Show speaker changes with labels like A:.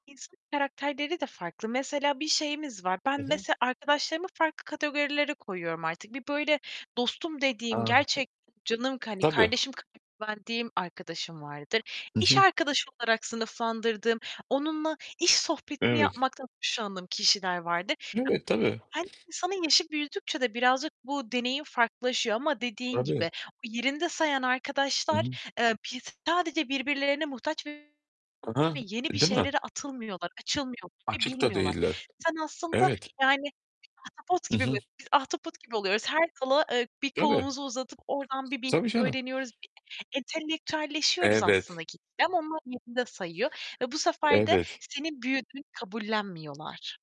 A: İnsanın karakterleri de farklı. Mesela, bir şeyimiz var. Ben,
B: I hı.
A: mesela, arkadaşlarımı farklı kategorilere koyuyorum artık. Bir, böyle, dostum
B: A.
A: dediğim,
B: Hı
A: gerçekten canım k hani,
B: Tabii.
A: kardeşim kadar güvendiğim arkadaşım vardır.
B: I
A: İş
B: hı.
A: arkadaşı olarak sınıflandırdığım, onunla iş sohbetini
B: Evet.
A: yapmaktan hoşlandığım kişiler vardır.
B: Evet,
A: [unintelligible]
B: tabii.
A: Hem insanın yaşı büyüdükçe de birazcık bu deneyim farklılaşıyor ama, dediğin gibi,
B: Tabii.
A: o yerinde sayan
B: I
A: arkadaşlar,
B: hı.
A: eee, [unintelligible] sadece birbirlerine muhtaç ve
B: Ha ha,
A: yeni bir
B: değil mi?
A: şeylere atılmıyorlar, açılmıyor
B: Açık da
A: bilmiyorlar.
B: değiller.
A: Sen aslında,
B: Evet.
A: yani, ahtapot
B: I
A: gibi mi?
B: hı.
A: Biz biz ahtapot gibi oluyoruz, her dala, eee, bir
B: Tabii.
A: kolumuzu uzatıp oradan bir bilgi
B: Tabii, canım.
A: öğreniyoruz. Bir entelektüelleşiyoruz aslında
B: Evet.
A: gitgide ama onlar yerinde sayıyor ve bu sefer de
B: Evet.
A: senin büyüdüğünü kabullenmiyorlar.